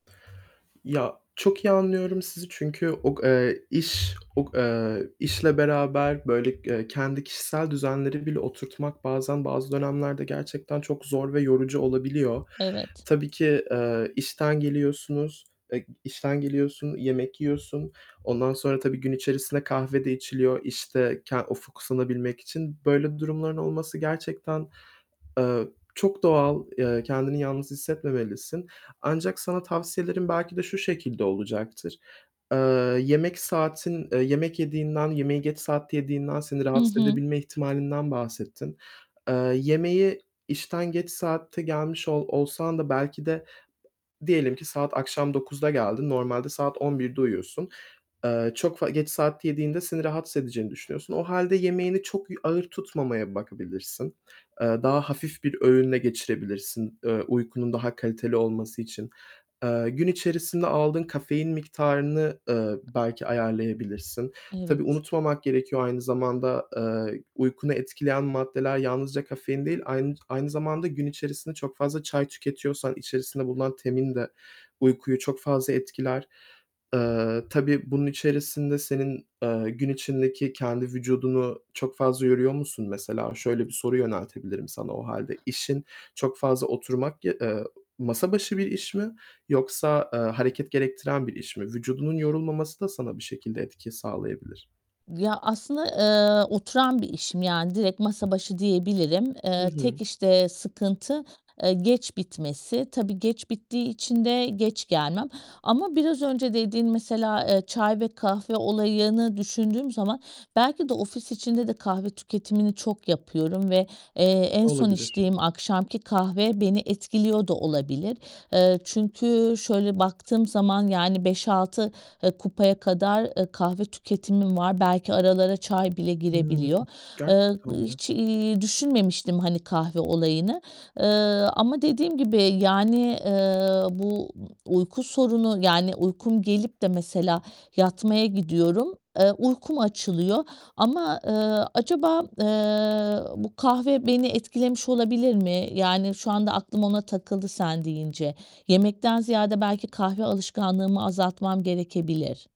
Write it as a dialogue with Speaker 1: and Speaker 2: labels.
Speaker 1: Ya, çok iyi anlıyorum sizi çünkü o k eee, iş o k eee, işle beraber, böyle, eee, kendi kişisel düzenleri bile oturtmak bazen bazı dönemlerde gerçekten çok zor ve yorucu olabiliyor.
Speaker 2: Evet.
Speaker 1: Tabii ki, eee, işten geliyorsunuz, eee, işten geliyorsun, yemek yiyorsun. Ondan sonra tabii gün içerisinde kahve de içiliyor işte, k o fokuslanabilmek için. Böyle durumların olması gerçekten, eee, çok doğal, eee, kendini yalnız hissetmemelisin. Ancak sana tavsiyelerim belki de şu şekilde olacaktır: Eee, yemek saatin, eee, yemek yediğinden, yemeği geç saatte yediğinden seni
Speaker 2: Hı
Speaker 1: rahatsız
Speaker 2: hı.
Speaker 1: edebilme ihtimalinden bahsettin. Eee, yemeği işten geç saatte gelmiş ol olsan da belki de diyelim ki saat akşam 21.00'de geldin, normalde saat 23.00'de uyuyorsun, eee, çok f geç saatte yediğinde seni rahatsız edeceğini düşünüyorsun. O hâlde yemeğini çok y ağır tutmamaya bakabilirsin. Eee, daha hafif bir öğünle geçirebilirsin, eee, uykunun daha kaliteli olması için. Eee, gün içerisinde aldığın kafein miktarını, ııı, belki ayarlayabilirsin. Tabii
Speaker 2: Evet.
Speaker 1: unutmamak gerekiyor aynı zamanda, ııı, uykunu etkileyen maddeler yalnızca kafein değil, aynı aynı zamanda gün içerisinde çok fazla çay tüketiyorsan içerisinde bulunan tein de uykuyu çok fazla etkiler. Eee, tabii bunun içerisinde senin, eee, gün içindeki kendi vücudunu çok fazla yoruyor musun mesela? Şöyle bir soru yöneltebilirim sana o hâlde. İşin çok fazla oturmak ya eee, masa başı bir iş mi yoksa, eee, hareket gerektiren bir iş mi? Vücudunun yorulmaması da sana bir şekilde etki sağlayabilir.
Speaker 2: Ya, aslında, eee, oturan bir işim yani, direkt masa başı diyebilirim.
Speaker 1: Hı
Speaker 2: Eee, tek
Speaker 1: hı.
Speaker 2: işte sıkıntı, eee, geç bitmesi. Tabii geç bittiği için de geç gelmem ama biraz önce dediğin mesela, eee, çay ve kahve olayını düşündüğüm zaman, belki de ofis içinde de kahve tüketimini çok yapıyorum ve, eee, en son
Speaker 1: Olabilir.
Speaker 2: içtiğim akşamki kahve beni etkiliyor da olabilir. Eee, çünkü şöyle baktığım zaman yani 5-6, eee, kupaya kadar, eee, kahve tüketimim var. Belki aralara çay bile
Speaker 1: Hımm.
Speaker 2: girebiliyor. Eee,
Speaker 1: Gerçekten mi?
Speaker 2: hiç, ııı, düşünmemiştim hani kahve olayını. Eee, ama dediğim gibi, yani, eee, bu uyku sorunu, yani uykum gelip de mesela yatmaya gidiyorum. Eee, uykum açılıyor ama, eee, acaba, eee, bu kahve beni etkilemiş olabilir mi? Yani, şu anda aklım ona takıldı sen deyince. Yemekten ziyade belki kahve alışkanlığımı azaltmam gerekebilir.